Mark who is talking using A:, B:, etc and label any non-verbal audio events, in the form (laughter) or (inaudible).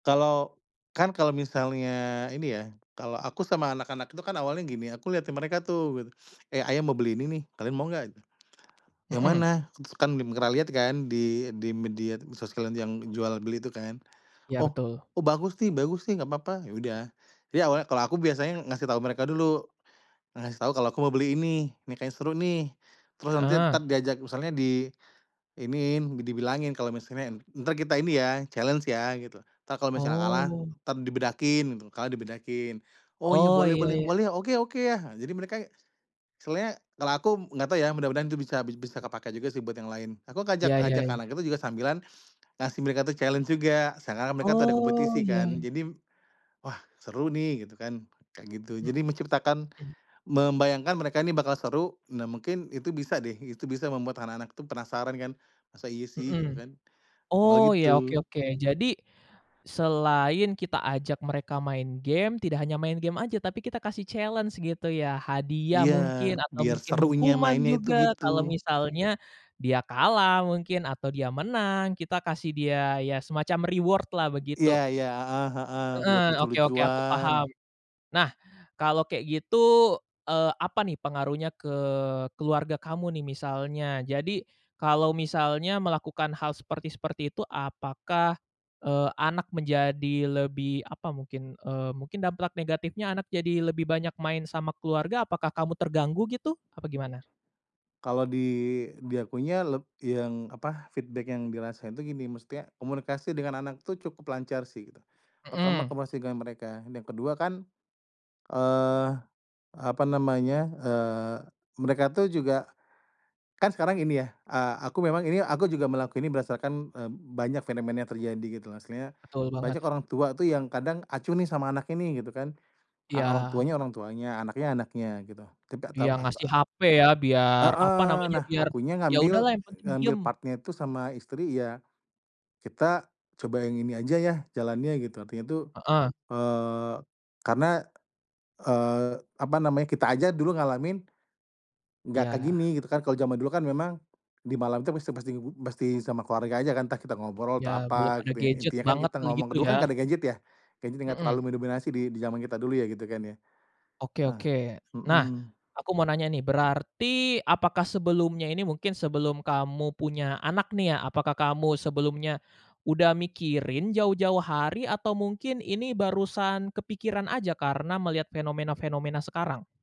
A: Kalau, kan kalo misalnya ini ya kalo aku sama anak-anak itu kan awalnya gini aku lihatin mereka tuh gitu, "Eh, ayah mau beli ini nih kalian mau gak?" "Yang
B: Mhm.
A: mana?" Kan (unintelligible) lihat kan di di media sosial yang jual beli itu kan,
B: Ya
A: oh
B: betul.
A: "oh bagus nih bagus nih gapapa" ya udah jadi awalnya kalau aku biasanya ngasih tahu mereka dulu, ngasih tahu kalau aku mau beli ini ini kayaknya seru nih, terus nanti
B: Heeh.
A: tetep diajak misalnya diiniin dibilangin kalau misalnya, "entar kita ini ya challenge ya gitu entar kalau misalnya kalah
B: Oh.
A: entar dibedakin" gitu kalah dibedakin, "oh ya
B: Oh
A: boleh
B: iya
A: boleh
B: iya.
A: boleh oke oke yah" nah jadi mereka, soalnya kalau aku gak tau ya mudah-mudahan itu bisa bi bisa kepake juga sih buat yang lain aku ngajak
B: Iya
A: ngajak
B: iya.
A: anak itu juga sambilan, ngasih mereka tuh challenge juga seakan-akan mereka tuh ada
B: Oh
A: kompetisi kan
B: ya.
A: jadi, wah seru nih gitu kan kayak gitu jadi menciptakan,
B: Mhm.
A: membayangkan mereka ini bakal seru nah mungkin itu bisa deh itu bisa membuat anak-anak tuh penasaran kan, masa iya sih? Gitu
B: Mhm,
A: kan, awalnya
B: oh ya oke
A: gitu.
B: oke jadi, selain kita ajak mereka main game tidak hanya main game aja tapi kita kasih challenge gitu ya hadiah
A: Iya
B: mungkin atau
A: biar
B: mungkin
A: serunya
B: hukuman
A: mainnya itu
B: juga
A: gitu.
B: kalau misalnya, dia kalah mungkin atau dia menang kita kasih dia ya semacam reward-lah
A: Iya
B: begitu,
A: iya, heeh heeh,
B: (sniffs)
A: reward
B: heeh, oke oke aku
A: lucu-lucuan.
B: paham, nah kalau kayak gitu, eee, apa nih pengaruhnya ke keluarga kamu nih misalnya jadi kalau misalnya melakukan hal seperti seperti itu apakah, eee, anak menjadi lebih apa mungkin, eee, mungkin dampak negatifnya anak jadi lebih banyak main sama keluarga apakah kamu terganggu gitu? Apa gimana?
A: Kalau di di akunya leb yang apa feedback yang dirasain itu gini maksudnya komunikasi dengan anak itu cukup lancar sih gitu, pertama
B: Mhm.
A: komunikasi dengan mereka yang kedua kan, eee, apa namanya, eee, mereka tuh juga, kan sekarang ini ya, eee, aku memang ini aku juga melakukan ini berdasarkan, eee, banyak fenomena yang terjadi gitu kan maksudnya
B: Betul banget.
A: banyak orang tua tuh yang kadang acuh nih sama anaknya nih gitu kan, orang
B: Yang
A: tuanya orang tuanya anaknya anaknya gitu tidak tahu
B: Dia ngasih
A: apa
B: hape ya biar apa
A: Heeh,
B: namanya
A: nah
B: biar,
A: akunya
B: ya
A: ngambil
B: udahlah yang penting
A: ngambil
B: diem.
A: part-nya itu sama istri ya, kita coba yang ini aja ya jalannya gitu artinya tuh,
B: Heeh.
A: eee, karena, eee, apa namanya kita aja dulu ngalamin, gak kayak
B: Iya.
A: gini gitu kan kalau zaman dulu kan memang, di malam itu pasti pasti pasti sama keluarga aja kan entah kita ngobrol
B: Iya
A: atau
B: belum
A: apa
B: ada
A: gitu
B: gadget
A: intinya kan
B: banget
A: kita
B: tuh
A: ngomong
B: gitu
A: dulu
B: ya.
A: kan gak ada gadget ya? Gadget gak
B: Mhm.
A: terlalu mendominasi di di zaman kita dulu ya gitu kan ya,
B: Oke
A: nah,
B: oke nah,
A: mhm.
B: aku mau nanya nih berarti apakah sebelumnya ini mungkin sebelum kamu punya anak nih ya apakah kamu sebelumnya, udah mikirin jauh-jauh hari atau mungkin ini barusan kepikiran aja karena melihat fenomena-fenomena sekarang?